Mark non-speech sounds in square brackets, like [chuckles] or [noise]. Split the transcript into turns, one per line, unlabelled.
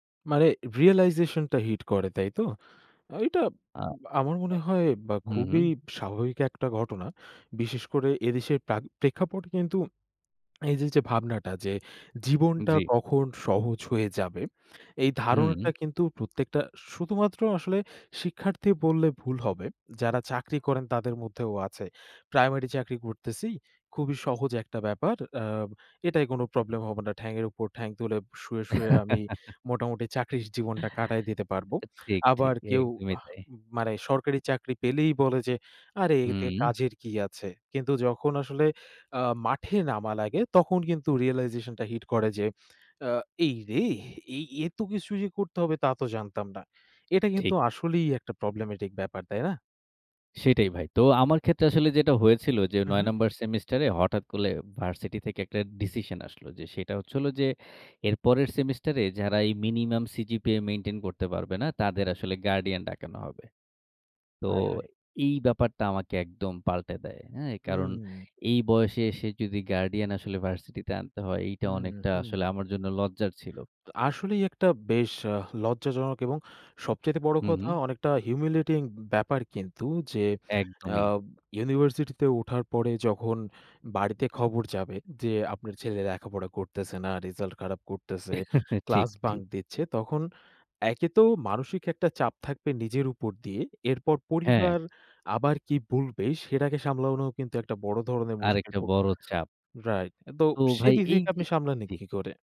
মানে রিয়ালাইজেশন টা হিট করে, তাইতো? আ এটা
আ অ
আমার মনে হয় ব্যা
হু, হু।
খুবই স্বাভাবিক একটা ঘটনা। বিশেষ করে এদেশের প্রাগ প্রেক্ষাপটে কিন্তু এই যে ভাবনাটা যে জীবনটা
জি।
কখন সহজ হয়ে যাবে। এই ধারণাটা
হুম।
কিন্তু প্রত্যেকটা, শুধুমাত্র আসলে শিক্ষার্থী বললে ভুল হবে। যারা চাকরি করেন তাদের মধ্যেও আছে। প্রাইমারি চাকরি করতেছি। খুবই সহজ একটা ব্যাপার। "আ এটায় কোন প্রবলেম হবে না। ঠ্যাঙের উপর ঠ্যাং তুলে শুয়ে, শুয়ে আমি মোটামুটি চাকরির জীবনটা কাটায় দিতে পারবো।'
[chuckles] ঠিক, ঠিক
আবার কেউ
একদমই
আহ
তাই।
মানে সরকারি চাকরি পেলেই বলে যে, "আরে এতে
হুম।
কাজের কি আছে।" কিন্তু যখন আসলে আ মাঠে নামা লাগে তখন কিন্তু রিয়ালাইজেশন টা হিট করে যে, আ "এইরে এই এত কিছু যে করতে হবে তা তো জানতাম না।" এটা কিন্তু
ঠিক।
আসলেই একটা প্রবলেমেটিক ব্যাপার, তাই না?
সেটাই ভাই। তো আমার ক্ষেত্রে আসলে যেটা হয়েছিল যে
হু,
৯
হু।
নাম্বার সেমিস্টার হঠাৎ করে ভার্সিটি থেকে একটা ডিসিশন আসলো। যে সেটা হচ্ছে হলো যে এরপরের সেমিস্টার এ যারা এই মিনিমাম সিজিপিএ মেইনটেইন করতে পারবে না তাদের আসলে গার্ডিয়ান ডাকানো হবে। তো
হায় হায়!
এই ব্যাপারটা আমাকে একদম পাল্টে দেয়। হ্যাঁ? কারণ
হুম।
এই বয়সে এসে যদি গার্ডিয়ান আসলে ভার্সিটিতে আনতে হয় এইটা
হুম,
অনেকটা
হুম।
আসলে আমার জন্য লজ্জার ছিল।
তো আসলেই একটা বেশ আ লজ্জাজনক এবং সবচাইতে বড়
হু,
কথা
হু।
অনেকটা হিউমিলিয়েটিং ব্যাপার কিন্তু যে আ
একদমই।
ইউনিভার্সিটিতে উঠার পরে যখন বাড়িতে খবর যাবে যে "আপনার ছেলে লেখাপড়া করতেছে না, রেজাল্ট খারাপ করতেছে,
[chuckles] ঠিক,
ক্লাস বাঙ্ক
ঠিক।
দিচ্ছে।" তখন একে তো মানসিক একটা চাপ থাকবে নিজের উপর দিয়ে। এরপর
হ্যাঁ।
পরিবার আবার কি বলবে সেটাকে সামলানো কিন্তু একটা বড় ধরণের মুশকিল।
আরেকটা
তো
বড় চাপ।
রাইট তো
তো ভাই,
সেদিক
এই
থেকে
যে
আপনি সামলান
জি।
কী করে?